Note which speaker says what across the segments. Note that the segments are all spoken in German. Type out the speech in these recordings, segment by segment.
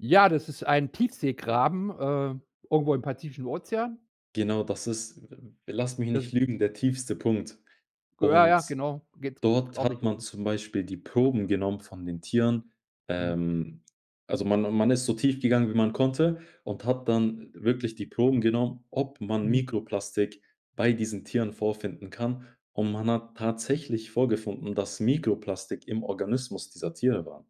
Speaker 1: Ja, das ist ein Tiefseegraben, äh, irgendwo im Pazifischen Ozean.
Speaker 2: Genau, das ist v v lass mich nicht
Speaker 1: [unintelligible]
Speaker 2: lügen, der tiefste Punkt.
Speaker 1: Ja,
Speaker 2: Und
Speaker 1: ja, genau, geht
Speaker 2: dort hat
Speaker 1: ordentlich
Speaker 2: man
Speaker 1: rum.
Speaker 2: zum Beispiel die Proben genommen von den Tieren.
Speaker 1: Mhm.
Speaker 2: Ähm, also man man ist so tief gegangen, wie man konnte, und hat dann wirklich die Proben genommen, ob man
Speaker 1: Mhm.
Speaker 2: Mikroplastik bei diesen Tieren vorfinden kann. Und man hat tatsächlich vorgefunden, dass Mikroplastik im Organismus dieser Tiere war.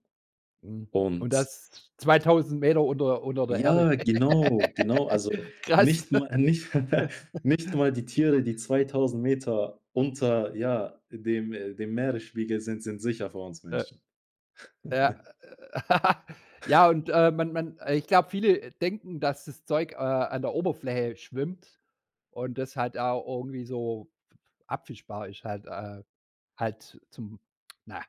Speaker 1: Mhm, und
Speaker 2: Und
Speaker 1: das 2.000 Meter unter unter der Erde.
Speaker 2: Ja, genau, genau, also
Speaker 1: Krass.
Speaker 2: nicht ma nicht nicht mal die Tiere, die 2.000 Meter unter, ja, dem dem Meeresspiegel sind, sind sicher vor uns
Speaker 1: Äh.
Speaker 2: Menschen.
Speaker 1: Ja. Äh, äh. Ja, und, äh, man man ich glaube, viele denken, dass das Zeug, äh, an der Oberfläche schwimmt und das halt da irgendwie so f f abfischbar ist halt, äh. Halt zum, na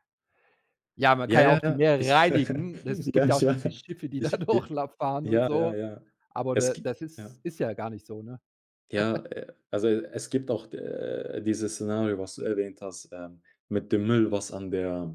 Speaker 1: ja, man kann
Speaker 2: Ja,
Speaker 1: ja
Speaker 2: ja,
Speaker 1: auch die
Speaker 2: ja.
Speaker 1: Meere
Speaker 2: Ich
Speaker 1: reinigen. Es
Speaker 2: Ja,
Speaker 1: gibt ja
Speaker 2: ich
Speaker 1: auch diese
Speaker 2: wa
Speaker 1: Schiffe, die da
Speaker 2: Ich b
Speaker 1: Durchlauf fahren und
Speaker 2: ja,
Speaker 1: so.
Speaker 2: ja, ja.
Speaker 1: Aber
Speaker 2: Es
Speaker 1: d
Speaker 2: gibt
Speaker 1: das
Speaker 2: ja?
Speaker 1: ist ist ja gar nicht so, ne?
Speaker 2: Ja, äh, also es gibt auch de dieses Szenario, was du erwähnt hast, äh, mit dem Müll, was an der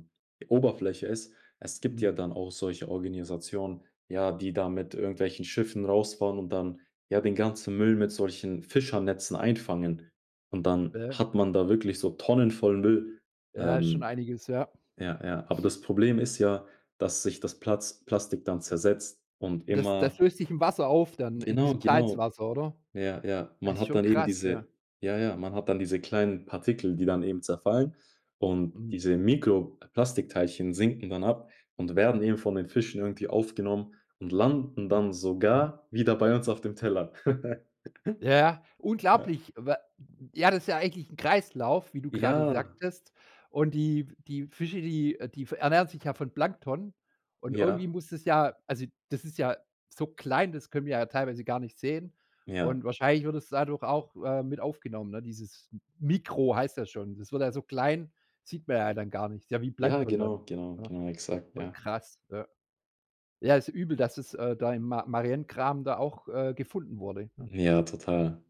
Speaker 2: Oberfläche ist. Es gibt ja
Speaker 1: Mhm.
Speaker 2: dann auch solche Organisationen, ja, die da mit irgendwelchen Schiffen rausfahren und dann, ja, den ganzen Müll mit solchen Fischernetzen einfangen. Und dann
Speaker 1: Ja.
Speaker 2: hat man da wirklich so Tonnen voll Müll.
Speaker 1: Ja, ist schon
Speaker 2: Ähm,
Speaker 1: einiges, ja.
Speaker 2: ja, ja. Aber das Problem ist ja, dass sich das Platz Plastik dann zersetzt und
Speaker 1: Das
Speaker 2: immer
Speaker 1: das löst sich im Wasser auf dann, in
Speaker 2: Genau,
Speaker 1: diesem
Speaker 2: genau.
Speaker 1: Salzwasser, oder?
Speaker 2: Ja, ja.
Speaker 1: Das
Speaker 2: Man
Speaker 1: ist
Speaker 2: hat
Speaker 1: schon
Speaker 2: dann eben
Speaker 1: krass, ja.
Speaker 2: diese ja, ja, man hat dann diese kleinen Partikel, die dann eben zerfallen. Und
Speaker 1: Mhm.
Speaker 2: diese Mikroplastikteilchen sinken dann ab und werden eben von den Fischen irgendwie aufgenommen und landen dann
Speaker 1: Mhm.
Speaker 2: sogar wieder bei uns auf dem Teller.
Speaker 1: Ja, ja,
Speaker 2: Ja.
Speaker 1: unglaublich, wa Ja, das ist ja eigentlich 'n Kreislauf, wie du grade
Speaker 2: Ja.
Speaker 1: sagtest. Und die die Fische, die die ernähren sich ja von Plankton. Und
Speaker 2: Ja.
Speaker 1: irgendwie muss das ja also, das ist ja so klein, das können wir ja teilweise gar nicht sehen.
Speaker 2: Ja.
Speaker 1: Und wahrscheinlich wird es dadurch auch, äh, mit aufgenommen, ne, dieses Mikro heißt das schon. Das wird halt so klein, sieht man ja dann gar nicht. Ja, wie
Speaker 2: Ja,
Speaker 1: Plankton
Speaker 2: genau,
Speaker 1: dann,
Speaker 2: genau,
Speaker 1: ne?
Speaker 2: genau, exakt, ja.
Speaker 1: Krass, ja. Ja, ist übel, dass es, äh, da im Ma Mariengraben da auch, äh, gefunden wurde, ne?
Speaker 2: Ja, total.